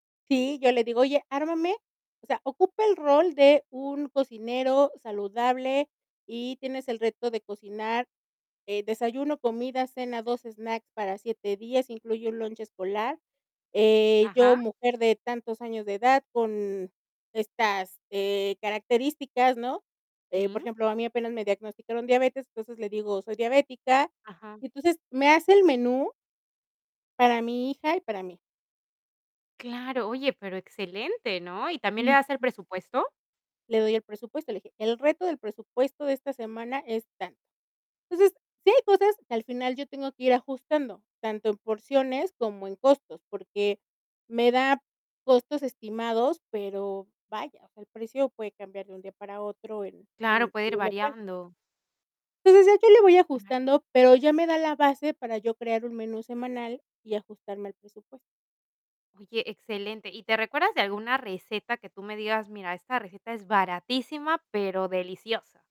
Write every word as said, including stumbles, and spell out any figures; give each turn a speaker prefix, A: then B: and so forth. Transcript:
A: Sí, yo le digo, oye, ármame, o sea, ocupa el rol de un cocinero saludable y tienes el reto de cocinar, eh, desayuno, comida, cena, dos snacks para siete días, incluye un lunch escolar. Eh, yo,
B: Ajá.
A: mujer de tantos años de edad, con estas, eh, características, ¿no?, eh, por
B: Sí.
A: ejemplo, a mí apenas me diagnosticaron diabetes, entonces le digo: "Soy diabética".
B: Ajá.
A: Entonces, me hace el menú para mi hija y para mí.
B: Claro, oye, pero excelente, ¿no? ¿y también le
A: Ujú.
B: das el presupuesto?
A: Le doy el presupuesto, le dije: "El reto del presupuesto de esta semana es tanto". Entonces sí hay cosas que al final yo tengo que ir ajustando, tanto en porciones como en costos, porque me da costos estimados, pero vaya, o sea, el precio puede cambiar de un día para otro en en
B: Claro, puede
A: en
B: ir
A: los locales.
B: variando.
A: Entonces ya yo le voy ajustando, pero ya me da la base para yo crear un menú semanal y ajustarme al presupuesto.
B: Oye, excelente. ¿Y te recuerdas de alguna receta que tú me digas, mira, esta receta es baratísima, pero deliciosa?